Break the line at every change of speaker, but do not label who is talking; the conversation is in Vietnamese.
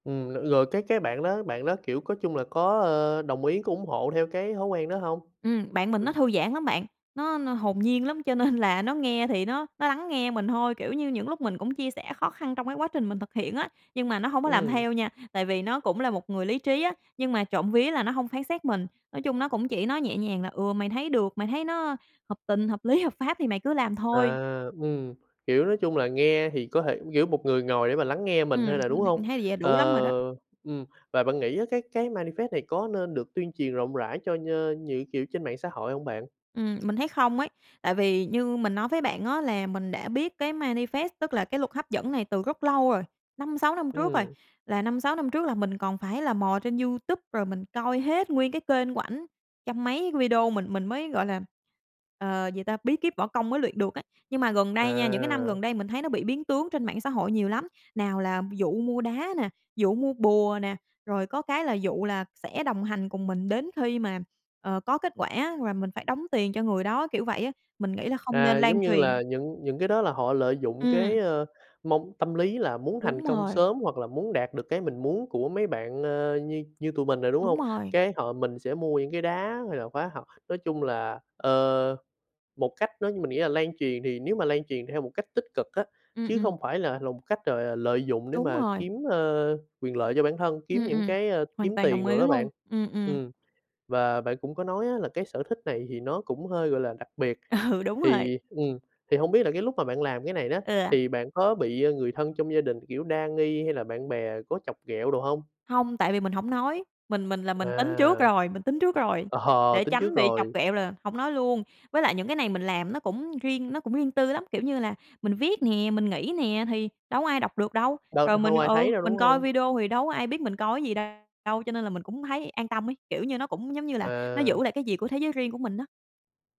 Ừm, l lựa cái cái bạn đó bạn đó, kiểu, có chung là có, ờ, đồng ý, có ủng hộ theo cái thói quen đó hông?
Ừm, bạn mình nó
Ừm.
thư giãn lắm bạn, nó n hồn nhiên lắm, cho nên là nó nghe thì nó nó lắng nghe mình thôi, kiểu như, những lúc mình cũng chia sẻ khó khăn trong cái quá trình mình thực hiện á, nhưng mà nó hông có làm
Ừm.
theo nha, tại vì nó cũng là một người lý trí á, nhưng mà trộm vía là nó hông phán xét mình. Nói chung nó cũng chỉ nói nhẹ nhàng là: "Ừ, mày thấy được, mày thấy nó hợp tình, hợp lý, hợp pháp thì mày cứ làm
À,
thôi."
ừm, kiểu, nói chung là nghe thì có thể kiểu một người ngồi để mà lắng nghe mình thôi
Ừm,
mà,
m
đúng
mình thấy
hông?
như vậy là
Ờ,
đủ lắm rồi đó.
ừm, và bạn nghĩ á, cái cái manifest này có nên được tuyên truyền rộng rãi cho nh những kiểu trên mạng xã hội hông bạn?
Ừm, mình thấy không ấy tại vì như mình nói với bạn á, là mình đã biết cái manifest, tức là cái luật hấp dẫn này, từ rất lâu rồi, 5-6 năm trước rồi.
Ừm.
Là 5-6 năm trước là mình còn phải là mò trên YouTube, rồi mình coi hết nguyên cái kênh của ảnh trăm mấy video, mình mình mới, gọi là, ờ, gì ta bí kíp võ công mới luyện được á. Nhưng mà gần đây nha, những cái năm gần
À.
đây mình thấy nó bị biến tướng trên mạng xã hội nhiều lắm. Nào là dụ mua đá nè, dụ mua bùa nè, rồi có cái là dụ là sẽ đồng hành cùng mình đến khi mà, ờ, có kết quả, và mình phải đóng tiền cho người đó, kiểu vậy á. Mình nghĩ là không nên
À,
lan
giống như
truyền.
là những những cái đó là họ lợi dụng
Ừm.
cái, ờ, mong tâm lý là muốn thành
Đúng
công
rồi.
sớm, hoặc là muốn đạt được cái mình muốn của mấy bạn, ờ, như như tụi mình nè, đúng
Đúng
hông?
rồi.
Cái họ mình sẽ mua những cái đá hay là khóa học, nói chung là, ờ, một cách nó mình nghĩ là lan truyền thì nếu mà lan truyền theo một cách tích cực á,
Ừm,
chứ
ừm.
không phải là lòng cách gọi là lợi dụng để
Đúng
mà
rồi.
kiếm, ờ, quyền lợi cho bản thân, kiếm
Ừm,
những
ừm,
cái, ờ,
hoàn
kiếm
toàn đồng
tiền
ý
đồ đó
luôn.
bạn.
Ừm, ừm.
Ừm, và bạn cũng có nói á, là cái sở thích này thì nó cũng hơi, gọi là, đặc biệt,
Ừ, đúng rồi.
thì, ừm, thì hông biết là cái lúc mà bạn làm cái này đó,
Ừ.
thì bạn có bị, ờ, người thân trong gia đình, kiểu, đa nghi hay là bạn bè có chọc ghẹo đồ hông?
Hông, tại vì mình hổng nói. Mình mình là mình tính trước
À.
rồi mình tính trước rồi,
Ờ,
để
tính trước
tránh bị chọc
rồi.
ghẹo là hổng nói luôn với lại những cái này mình làm nó cũng riêng nó cũng riêng tư lắm. Kiểu như là mình viết nè, mình nghĩ nè, thì đâu có ai đọc được đâu
Đâu
rồi mình,
hông ai
ừ,
thấy đâu, đúng
mình coi
hông?
video thì đâu có ai biết mình coi cái gì đ đâu, cho nên là mình cũng thấy an tâm ấy, kiểu như nó cũng, giống như là, nó
À.
giữ lại cái gì của thế giới riêng của mình á.